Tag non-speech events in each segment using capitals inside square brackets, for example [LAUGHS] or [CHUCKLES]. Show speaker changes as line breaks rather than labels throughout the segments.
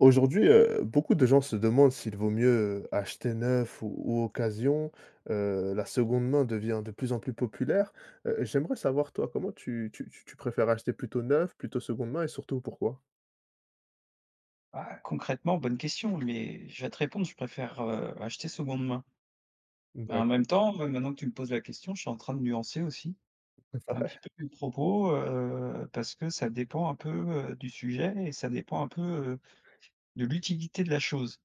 Aujourd'hui, heu, beaucoup de gens se demandent s'il vaut mieux, heu, acheter neuf ou ou occasion. Heu, la seconde main devient de plus en plus populaire. Heu, j'aimerais savoir toi, comment tu tu tu tu préfères acheter plutôt neuf? Plutôt seconde main? Et surtout, pourquoi?
Ah, concrètement bonne question, mais je vais te répondre, je préfère, heu, acheter seconde main.
Mmh
Bah, en
d'accord.
même temps, mais maintenant que tu me poses la question, je suis en train de nuancer aussi,
[UNINTELLIGIBLE]
un
vrai?
petit peu mes propos, heu, parce que ça dépend un peu, heu, du sujet et ça dépend un peu, heu, de l'utilité de la chose.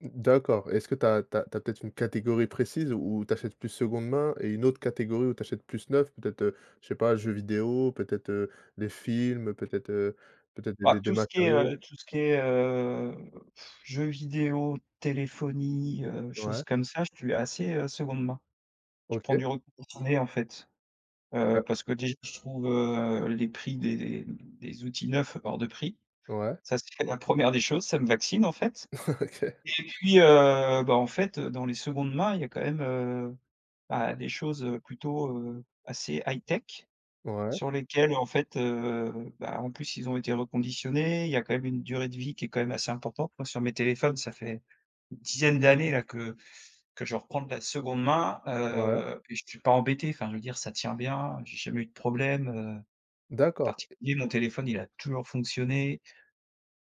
Mmh d'accord. Est-ce que tu as tu as tu as peut-être une catégorie précise, où tu achètes plus seconde main et une autre catégorie où tu achètes plus neuf peut-être? Heu, je sais pas, jeux vidéo, peut-être, heu, des films, peut-être, heu, peut-être des des
Bah,
des
tout ce qui est,
matériaux.
heu, tout ce qui est, heu, [BLOWS AIR] jeu vidéo, téléphonie, heu, choses
Ouais.
comme ça, je suis assez, heu, seconde main. Je prends
OK.
du reconditionné, en fait. Heu,
Ouais.
parce que déjà, je trouve, heu, les prix des des outils neufs hors de prix.
Ouais.
Ça, c'est la 1re des choses, ça me vaccine en fait
Ouais OK.
et puis, heu, bah, en fait dans les secondes mains, il y a quand même, heu, bah, des choses plutôt, heu, assez high-tech,
Ouais.
sur lesquelles, en fait, heu, bah, en plus, ils ont été reconditionnés, il y a quand même une durée de vie qui est quand même assez importante. Moi sur mes téléphones, ça fait une dizaine d'années là, que que je reprends de la seconde main,
Ouais.
heu, puis je suis pas embêté, enfin, je veux dire ça tient bien, j'ai jamais eu de problème, heu,
D'accord.
particulier. Mon téléphone, il a toujours fonctionné.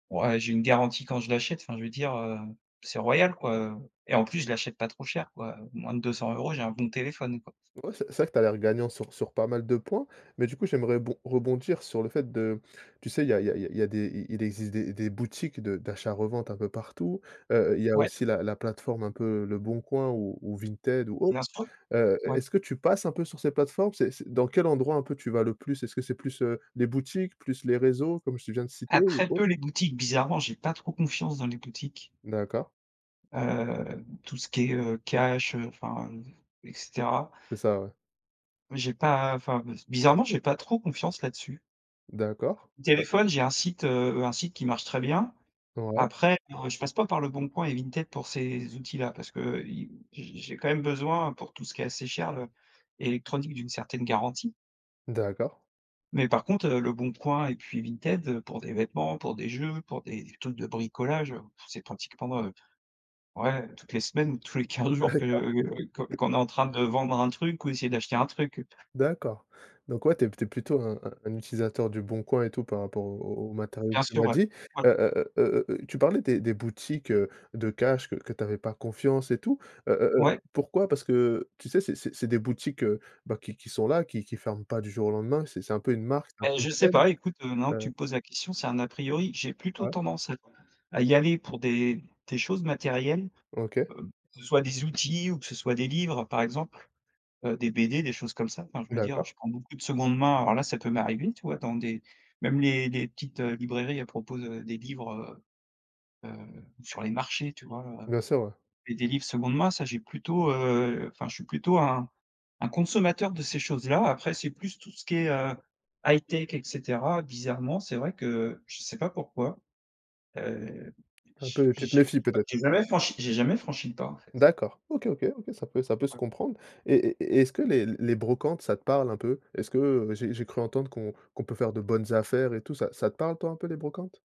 Ouais, j'ai une garantie quand je l'achète, enfin je veux dire, heu, c'est royal quoi, heu et en plus je l'achète pas trop cher quoi, moins de 200 €, j'ai un bon téléphone quoi.
Ouais, c'est c'est vrai que tu as l'air gagnant sur sur pas mal de points. Mais du coup, j'aimerais bon rebondir sur le fait de tu sais, il y a il y a il y a des il il existe des des boutiques de d'achat-revente un peu partout. Heu, il y a
Ouais.
aussi la la plateforme un peu, Leboncoin ou ou Vinted ou autre.
Bien sûr,
Heu,
oui.
est-ce que tu passes un peu sur ces plateformes? C'est c'est dans quel endroit un peu, tu vas le plus? Est-ce que c'est plus, heu, les boutiques, plus les réseaux, comme je viens de citer
Ah,
ou
très
autre?
peu les boutiques, bizarrement, j'ai pas trop confiance dans les boutiques.
D'accord.
Heu, tout ce qui est, heu, cash, heu, enfin et cetera.
C'est ça, ouais.
J'ai pas enfin, bizarrement j'ai pas trop confiance, là-dessus.
D'accord, heu
Téléphone j'ai un site, heu heu un site qui marche très bien,
Ouais.
après [UNINTELLIGIBLE] je passe pas par Leboncoin et Vinted pour ces outils-là parce qu'il j'ai j'ai quand même besoin pour tout ce qui est assez cher, le électronique, d'une certaine garantie.
D'accord.
Mais par contre, heu, Leboncoin et puis Vinted pour des vêtements, pour des jeux, pour des trucs de bricolage, heu, pff, c'est pratiquement, heu, ouais toutes les semaines, tous les 15
Ah
jours que
d'accord
que qu'on est en train de vendre un truc ou essayer d'acheter un truc.
D'accord. Donc ouais, tu es tu es plutôt un un un utilisateur du bon coin et tout par rapport au au au matériaux que
Bien
tu
sûr,
m'as
ouais.
dit.
Ouais.
Heu heu heu heu heu heu, tu parlais des des boutiques, heu, de cash, que que tu avais pas confiance et tout, heu heu
Ouais.
heu, pourquoi? Parce que tu sais, c'est c'est c'est des boutiques, heu, bah, qui qui sont là, qui qui ferment pas du jour au lendemain, c'est c'est un peu une marque, c'est un
Eh,
peu une
je sais
chaine,
pas, écoute, heu, non tu
heu
me poses la question, c'est un a priori. J'ai plutôt
Ouais.
tendance à à y aller pour des des choses matérielles,
OK.
heu, que ce soit des outils ou que ce soit des livres par exemple, heu, des BD, des choses comme ça. Enfin je veux dire,
D'accord.
je prends beaucoup de seconde main, voilà, ça peut m'arriver, tu vois, dans des même les les petites heu, librairies à propos de des livres, heu heu, sur les marchés, tu vois? Heu,
Bien sûr, ouais.
et des livres seconde main, ça j'ai plutôt, heu enfin je suis plutôt un un consommateur de ces choses-là. Après c'est plus, tout ce qui est, heu, high-tech et cetera, bizarrement c'est vrai que je sais pas pourquoi, heu,
Un peu,
j'ai
tu te
j'ai
méfies,
pas
peut-être?
jamais franchi j'ai jamais franchi le pas, en fait.
D'accord, OK, OK. OK, ça peut ça peut se
Ouais.
comprendre, et et et est-ce que les les brocantes, ça te parle un peu? Est-ce que j'ai j'ai cru entendre qu'on qu'on peut faire de bonnes affaires et tout, ça ça te parle toi un peu les brocantes?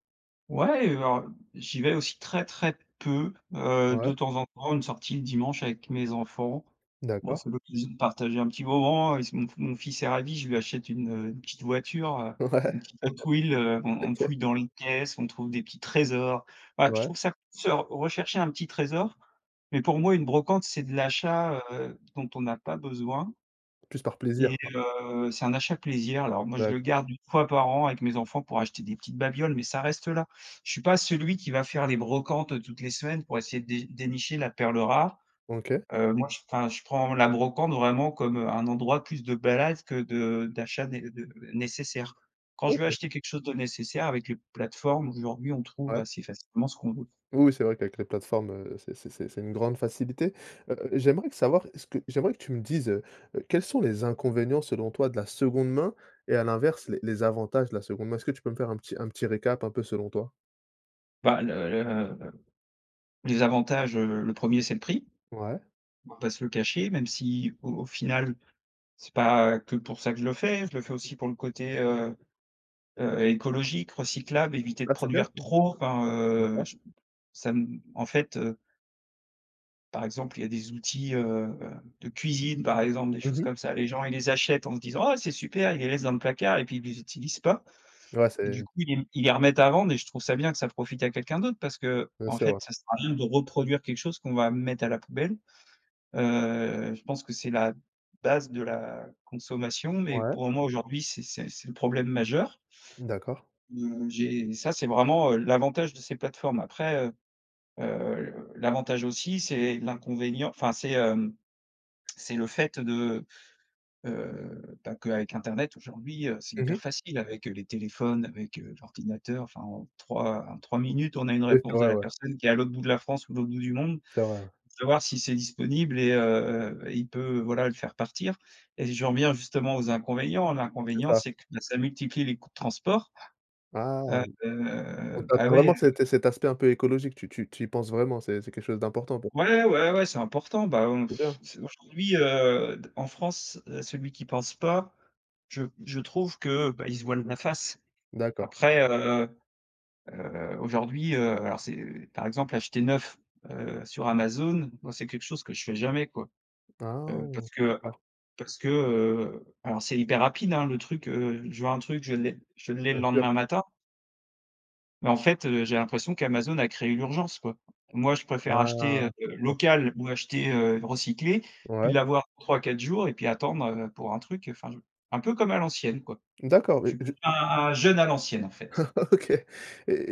Ouais et alors, heu, j'y vais aussi très très peu, heu, de
Ouais.
temps en temps une sortie le dimanche avec mes enfants. Bah
D'accord.
c'est l'occasion de partager un petit moment, is mon f mon fils est ravi, je lui achète une, heu, une petite voiture, heu,
Ouais.
une
[CHUCKLES]
petite Hot Wheels, heu, on on
OK.
fouille dans les caisses, on trouve des petits trésors. Voilà puis je
Ouais.
trouve ça c de se r rechercher un petit trésor, mais pour moi une brocante, c'est de l'achat, heu, dont on a pas besoin
Plus par plaisir
et
quoi?
heu, c'est un achat plaisir. Alors moi je le
D'accord
garde 1 fois par an avec mes enfants pour acheter des petites babioles, mais ça reste là. Je suis pas celui qui va faire les brocantes, heu, toutes les semaines pour essayer de dé dénicher la perle rare,
OK.
heu, moi je enfin je prends la brocante vraiment comme, heu, un endroit plus de balade que de d'achat né heu, nécessaire. Quand je veux
OK!
acheter quelque chose de nécessaire, avec les plateformes, aujourd'hui, on trouve
Ouais.
assez facilement ce qu'on veut.
Oui, oui c'est vrai qu'avec les plateformes, heu, c'est c'est c'est c'est une grande facilité. Heu heu, j'aimerais savoir, est-ce que j'aimerais que tu me dises, heu heu, quels sont les inconvénients selon toi de la seconde main et à l'inverse, les les avantages de la seconde main? Est-ce que tu peux me faire un petit un petit récap un peu selon toi?
Bah, le le les avantages, heu, le 1er, c'est le prix.
Ouais.
On va pas se le cacher même si au au final c'est pas que pour ça que je le fais, je le fais aussi pour le côté, heu heu, écologique, recyclable, éviter de
Ah, c'est bien
produire
ça.
trop, enfin, heu,
D'accord.
je ça ne en fait, heu par exemple, il y a des outils, heu heu, de cuisine, par exemple, des
Mmh
choses
mh.
comme ça, les gens, ils les achètent en se disant: «Ah! C'est super!», ils les laissent dans le placard et puis ils les utilisent pas
Ouais,
et
c'est
du coup, ils les ils les remettent à vendre et je trouve ça bien que ça profite à quelqu'un d'autre parce
Bien
qu'en
sûr, ouais.
fait, ça sert à rien de reproduire quelque chose qu'on va mettre à la poubelle, heu, je pense que c'est la base de la consommation mais
Ouais.
pour moi, aujourd'hui, c'est c'est c'est le problème majeur
Mmh, d'accord.
mmh, j'ai ça, c'est vraiment, heu, l'avantage de ces plateformes après, heu heu, l'avantage aussi c'est l'inconvénient enfin, c'est, hem, [CLICKS TONGUE] c'est le fait de heu, bah, que avec internet aujourd'hui, heu, c'est
Mmh mh.
hyper facile avec, heu, les téléphones, avec, heu, l'ordinateur, enfin, en 3 en 3 minutes, on a une
Oui, c'est
réponse de
vrai,
la
ouais.
personne qui est à l'autre bout de la France ou l'autre bout du monde
C'est vrai, ouais.
pour savoir si c'est disponible et heu, il peut, voilà, le faire partir et j'en reviens justement aux inconvénients,
C'est
l'inconvénient,
ça.
c'est que ça multiplie les coûts de transport,
Ah!
heu,
Donc
bah,
t'attends
ouais,
vraiment que ça
heu
ait t cet aspect un peu écologique? Tu tu tu y penses vraiment, c'est c'est quelque chose d'important pour
Ouais, ouais, ouais c'est important, ben,
C'est
[SCOFFS]
bien!
c'est aujourd'hui heu, d en France, heu, celui qui pense pas, je je trouve que, bah, il se voile la face
D'accord.
après, heu heu, aujourd'hui, heu, alors c'est, par exemple, acheter neuf, heu, sur Amazon, moi c'est quelque chose que je fais jamais, quoi. Heu,
Ah!
parce que
D'accord.
parce que, heu, alors c'est hyper rapide, hein, le truc, heu, je veux un truc, je l'ai je l'ai le
Bien sûr.
lendemain matin. Mais en fait, heu, j'ai l'impression qu'Amazon a créé l'urgence quoi. Moi je préfère acheter, heu,
Ah! Comprends.
local ou acheter, heu, recyclé puis
Ouais.
l'avoir 3-4 jours et puis attendre, heu, pour un truc enfin je un peu comme à l'ancienne, quoi.
D'accord,
Je
et
suis p
je je
un jeune à l'ancienne, en fait.
[CHUCKLES] OK et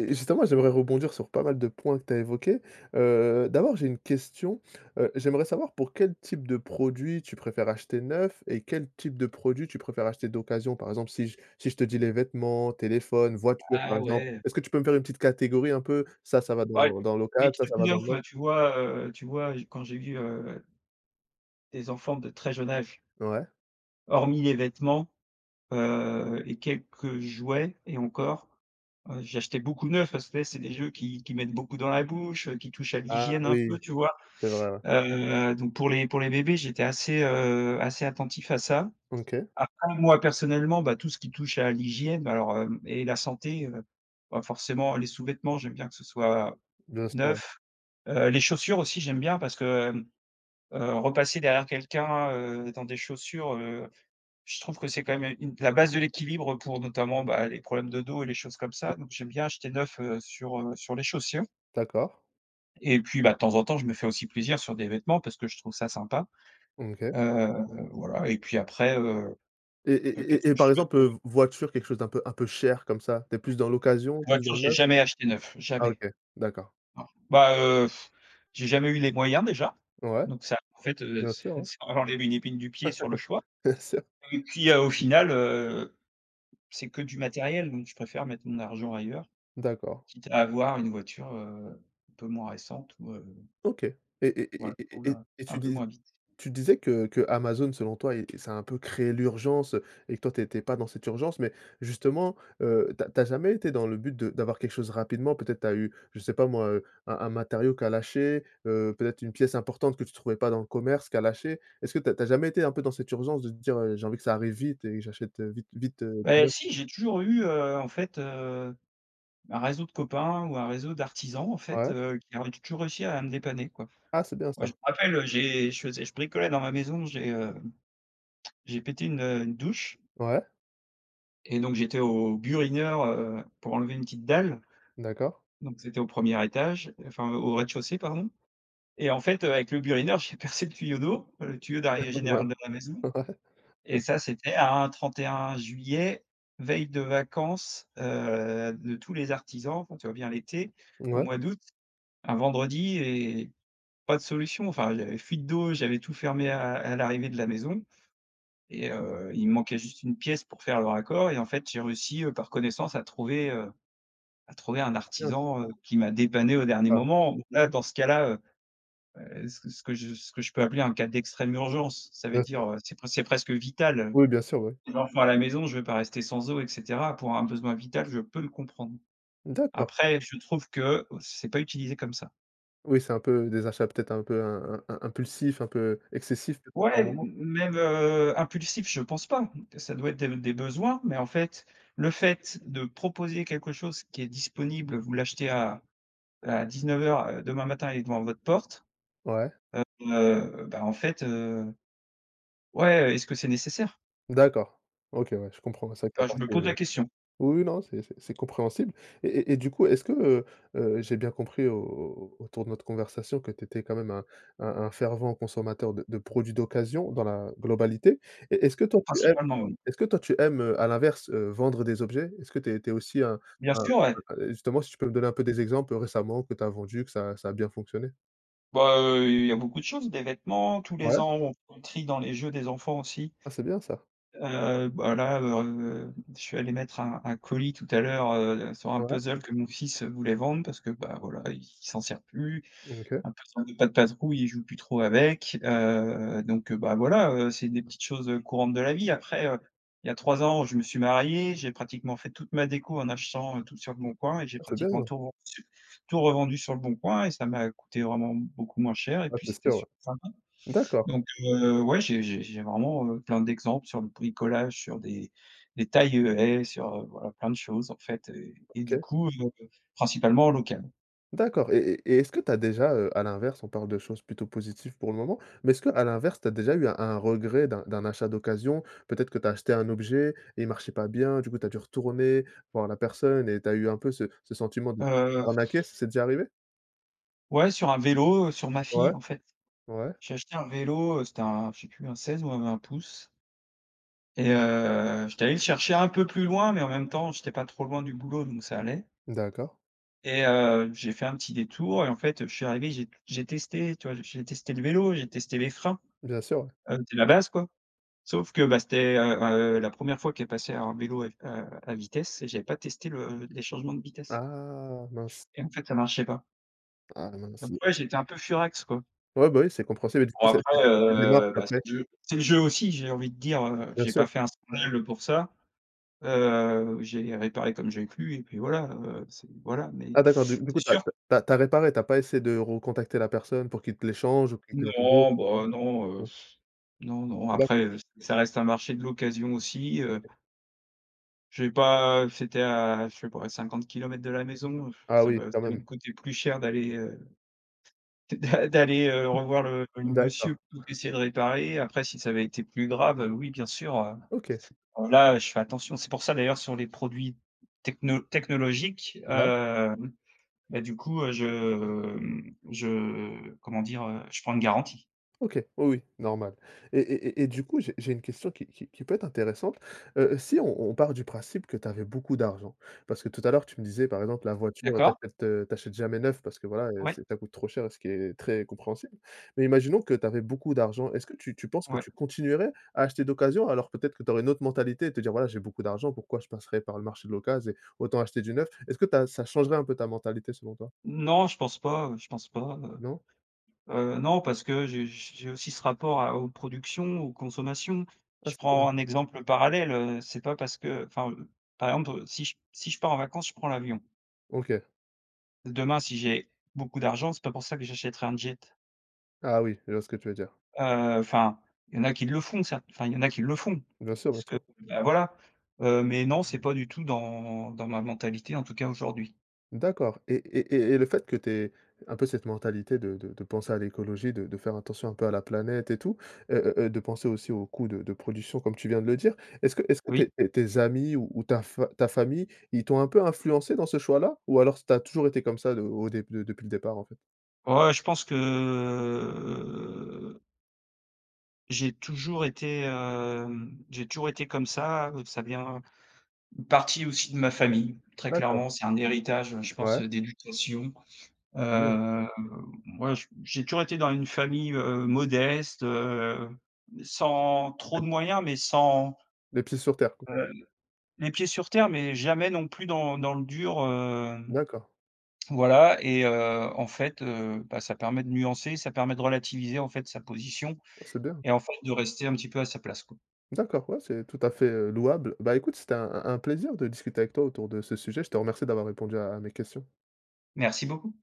et justement, j'aimerais rebondir sur pas mal de points que tu as évoqué. Heu, d'abord, j'ai 1 question. Heu, j'aimerais savoir pour quel type de produit tu préfères acheter neuf et quel type de produit tu préfères acheter d'occasion? Par exemple, si je si je te dis les vêtements, téléphone, voiture par
Ah
exemple?
ouais.
Est-ce que tu peux me faire une petite catégorie un peu. Ça, ça va
Bah les
dans dans local,
les
ça, ça
trucs
va dans le
neufs,
neuf
heu, tu vois, heu, tu vois, je quand j'ai vu, heu des enfants de très jeune âge
Ouais.
hormis les vêtements. Heu, et quelques jouets et encore. Heu, j'ai acheté beaucoup neufs parce que tu sais c'est des jeux qui qu'ils mettent beaucoup dans la bouche, heu, qui touchent à
Ah
l'hygiène un peu,
oui.
tu vois?
C'est vrai, ouais.
Heu, donc pour les pour les bébés, j'étais assez, heu, assez attentif à ça.
OK.
Après moi personnellement, bah tout ce qui touche à l'hygiène bah alors, hem, et la santé, heu, bah forcément les sous-vêtements, j'aime bien que ce soit
Bien sûr, ouais.
neuf. Heu, les chaussures aussi j'aime bien parce que, hem, heu, repasser derrière quelqu'un, heu, dans des chaussures, heu, je trouve que c'est quand même une la base de l'équilibre pour notamment, bah les problèmes de dos et les choses comme ça donc j'aime bien acheter neuf, heu, sur, heu, sur les chaussures
D'accord.
Et puis, bah, de temps en temps, je me fais aussi plaisir sur des vêtements, parce que je trouve ça sympa.
Mmh, OK.
Heu, voilà, et puis après, heu
Et
heu,
et
qu'est-ce
et
que
et
je
par exemple,
fais
heu,
de
v voiture quelque chose d'un peu un peu cher comme ça, tu es plus dans l'occasion, plus dans
Voiture
le
j'ai
neuf?
jamais acheté neuf,
Ah
jamais.
OK, d'accord.
Bon, bah heu, [BLOWS AIR] j'ai jamais eu les moyens déjà,
Ouais.
donc ça en fait, heu,
Bien sûr,
c'est
hein.
ça enlève une épine du pied sur le choix
[LAUGHS] Bien sûr.
et puis, heu, au final, heu, c'est que du matériel donc je préfère mettre mon argent ailleurs.
D'accord.
Quitte à avoir une voiture, heu, un peu moins récente ou heu
OK et et et
voilà, qui
et et et
roule
et
un
tu
peu
dis
moins vite.
tu disais que qu'Amazon selon toi est ça a un peu créé l'urgence et que toi tu étais pas dans cette urgence, mais justement, heu, tu as tu as jamais été dans le but de d'avoir quelque chose rapidement? Peut-être tu as eu, je sais pas moi, heu, un un matériau qui a lâché, heu, peut-être une pièce importante que tu trouvais pas dans le commerce qui a lâché. Est-ce que tu as tu as jamais été un peu dans cette urgence de te dire, heu: «J'ai envie que ça arrive vite et j'achète, heu, vite vite, heu, du
Eh
neuf»?
si, j'ai toujours eu, heu, en fait, heu, un réseau de copains, ou un réseau d'artisans, en fait,
Ouais
heu, qui a tou toujours réussi à me dépanner, quoi.
Ah, c'est bien
Ouais, je
ça.
me rappelle, heu, j'ai je faisais je bricolais dans ma maison, j'ai, hem, j'ai pété une, heu, une douche.
Ouais.
Et donc j'étais au burineur, heu, pour enlever une petite dalle
D'accord.
donc c'était au 1er étage, enfin heu, au rez-de-chaussée pardon. Et en fait, heu, avec le burineur j'ai percé le tuyau d'eau. Le tuyau
[UNINTELLIGIBLE]
d'arrivée
Ouais.
général de la maison et
[CHUCKLES]
ça c'était un 31 juillet, veille de vacances, heu, de tous les artisans, enfin tu vois bien l'été, au
Mouais.
mois d'août, un vendredi et pas de solution. Enfin, il y avait fuite d'eau, j'avais tout fermé à à l'arrivée de la maison et heu, il me manquait juste une pièce pour faire le raccord et en fait j'ai réussi, heu, par connaissance à trouver, heu, à trouver un
Bien.
artisan, heu, qui m'a dépanné au dernier
Ah!
moment. Là, dans ce cas-là, heu. Heu, c'est ce que je ce que je peux appeler en cas d'extrême urgence. Ca veut
Bien
dire,
sûr.
heu, c'est pres c'est presque vital.
Oui, bien sûr oui.
Enfant à la maison, je vais pas rester sans eau et cetera, pour un besoin vital je peux le comprendre.
D'accord.
Après je trouve que c'est pas utilisé comme ça.
Oui, c'est un peu des achats peut-être un peu im im im impulsifs, un peu excessifs peut-être
Ouais
par
m
moments?
même, heu, impulsif je pense pas, ça doit être des des besoins. Mais en fait, le fait de proposer quelque chose qui est disponible, vous l'achetez à à 19:00, heu, demain matin et il est devant votre porte.
Ouais.
Heu heu, bah en fait, heu, ouais, est-ce que c'est nécessaire?
D'accord. OK, ouais, je comprends, c'est vrai que tu as
Heu, je
passé
me pose la question.
oui, oui non, c'est c'est c'est compréhensible. Et et et du coup, est-ce que, heu heu, j'ai bien compris au au autour de notre conversation que tu étais quand même un un un fervent consommateur de de produits d'occasion, dans la globalité, et est-ce que toi tu aimes
Principalement, oui.
est-ce que toi tu aimes, heu, à l'inverse, heu, vendre des objets? Est-ce que tu es tu es aussi un
Bien
un,
sûr, ouais.
heu, justement, si tu peux me donner un peu des exemples, heu, récemment que tu as vendu, que ça a ça a bien fonctionné?
Bah, heu, il y a beaucoup de choses, des vêtements. Tous
Ouais.
les ans, on on trie dans les jeux des enfants aussi
Ah! C'est bien ça.
Heu, bah, là, heu, je suis allé mettre un un colis tout à l'heure, heu, sur un
Ouais.
puzzle que mon fils voulait vendre parce que, bah, voilà, il s'en sert plus.
Mmh, OK.
Un puzzle de Pat' Patrouille, il joue plus trop avec, heu, donc, heu bah, voilà, heu, c'est des petites choses, heu, courantes de la vie après, heu, il y a 3 ans, je me suis marié, j'ai pratiquement fait toute ma déco en achetant, heu, tout sur Leboncoin et j'ai
Ah! C'est
pratiquement
bien.
tout revendu tout revendu sur Leboncoin et ça m'a coûté vraiment beaucoup moins cher et
Ouais,
puis
c'est
c'était
sûr, ouais.
super sympa.
D'accord!
Donc heu, ouais, j'ai j'ai j'ai vraiment, heu, plein d'exemple sur le bricolage, sur des des tailles haies et sur, voilà, plein de choses, en fait et et du
OK.
coup, heu, principalement en local.
D'accord et et et est-ce que tu as déjà, heu, à l'inverse, on parle de choses plutôt positives pour le moment, mais est-ce que à l'inverse, tu as déjà eu un un regret d'un d'un achat d'occasion? Peut-être que tu as acheté un objet, et il marchait pas bien, du coup, tu as dû retourner, voir la personne et tu as eu un peu ce ce sentiment de se faire
Heu
arnaquer,
[BLOWS AIR]
c c'est déjà arrivé?
Ouais sur un vélo, heu, sur ma
Ouais,
fille en fait,
ouais.
j'ai acheté un vélo, heu, c'était un je sais plus un 16 ou 20 pouces et heu, j'étais allé le chercher un peu plus loin mais en même temps j'étais pas trop loin du boulot donc ça allait
D'accord.
et heu, j'ai fait un petit détour et en fait, je suis arrivé j'ai j'ai testé, tu vois? J'ai testé le vélo, j'ai testé les freins,
Bien sûr.
heu, c'est la base quoi, sauf que bah c'était, heu, ben, heu, la 1re fois qu'elle passait un vélo à, heu, à vitesse et j'avais pas testé le les changements de vitesse
Ah, mince.
et en fait ça marchait pas.
Ah mince et
Après, j'étais un peu furax, quoi.
Ouais, bah oui, c'est compréhensible et du
Bon
coup c'est
après,
c'était quoi les démarques
heu, bah c'est
après?
le jeu c'est le jeu aussi j'ai envie de dire, heu,
Bien
j'ai
sûr.
pas fait un scandale, heu, pour ça, heu, j'ai réparé comme j'ai pu et puis voilà, heu, c'est voilà mais
Ah d'accord, du
c'est
du coup tu as
sûr
tu as tu as réparé, tu as pas essayé de recontacter la personne pour qu'il te l'échange ou qu'il te rembourse
Non
non,
bah non, heu,
non?
[BLOWS AIR] non, non après,
D'accord.
heu, ç ça reste un marché de l'occasion aussi, heu
OK.
J'ai pas c'était à, je sais pas, à 50 km de la maison, [BLOWS AIR]
Ah
ça
oui,
m'a ça
quand
allait
même.
me coûter plus cher d'aller, heu, d d'a d'aller, heu, revoir le le monsieur
D'accord.
pour essayer de réparer. Après, si ça avait été plus grave, heu, oui, bien sûr, heu,
OK.
là, je fais attention. C'est pour ça, d'ailleurs, sur les produits techno technologiques,
Ouais.
hem, bah, du coup, heu, je, mmh, je comment dire? Heu, je prends une garantie.
OK, oui, oui, normal, et et et et du coup, j'ai j'ai 1 question qui qui qui peut être intéressante, heu, si on on part du principe que tu avais beaucoup d'argent, parce que tout à l'heure, tu me disais, par exemple, la voiture, tu
D'accord.
achètes, heu, tu achètes jamais neuf parce que voilà, heu,
Ouais.
c'est ça coûte trop cher et ce qui est très compréhensible, mais imaginons que tu avais beaucoup d'argent. Est-ce que tu tu penses que
Ouais.
tu continuerais à acheter d'occasion alors peut-être que tu aurais une autre mentalité et te dire: «Voilà, j'ai beaucoup d'argent, pourquoi je passerai par le marché de l'occase et autant acheter du neuf». Est-ce que tu as ça changerait un peu ta mentalité selon toi?
Non, je pense pas, heu, je pense pas, heu
Non?
heu, non, parce que j j j'ai aussi ce rapport à aux productions, aux consommations.
Ah,
Je
c'est bien.
prends un exemple parallèle, heu, c'est pas parce qu'enfin par exemple, si j si je pars en vacances, je prends l'avion.
OK.
Demain si j'ai beaucoup d'argent, c'est pas pour ça que j'achèterai un jet.
Ah, oui, je vois ce que tu veux dire.
Heu, enfin, il y en a qui le font ça enfin, il y en a qui le font
Bien sûr bien
parce que,
sûr.
bah, voilà, heu mais non, c'est pas du tout dans dans ma mentalité, en tout cas aujourd'hui.
D'accord, et et et et le fait que tu aies un peu cette mentalité de de de penser à l'écologie, de de faire attention un peu à la planète et tout. Heu heu heu, de penser aussi au coût de de production comme tu viens de le dire. Est-ce que est-ce que tes
Oui.
tes tes amis ou ta fa ta famille, ils t'ont un peu influencé dans ce choix-là? Ou alors s tu as toujours été comme ça de au déb de depuis le départ en fait?
Ouais, je pense que J'ai toujours été, hem j'ai toujours été comme ça, heu, ça vient une partie aussi de ma famille, très
D'accord.
clairement. C'est un héritage, heu, je pense
Ouais.
d'éducation.
Ah, c'est bien.
Heu, moi j j'ai toujours été dans une famille, heu, modeste, heu, sans trop de moyens, mais sans,
Les pieds sur terre, quoi?
heu, les pieds sur terre, mais jamais non plus dans dans le dur, hem
D'accord.
voilà et heu, en fait, heu bah, ça permet de nuancer, ça permet de relativiser en fait sa position,
Ah, c'est bien.
et en fait de rester un petit peu à sa place quoi.
D'accord, ouais. C'est tout à fait, heu, louable. Bah écoute, c'était un un un plaisir de discuter avec toi autour de ce sujet. Je te remercie d'avoir répondu à à mes questions.
Merci beaucoup.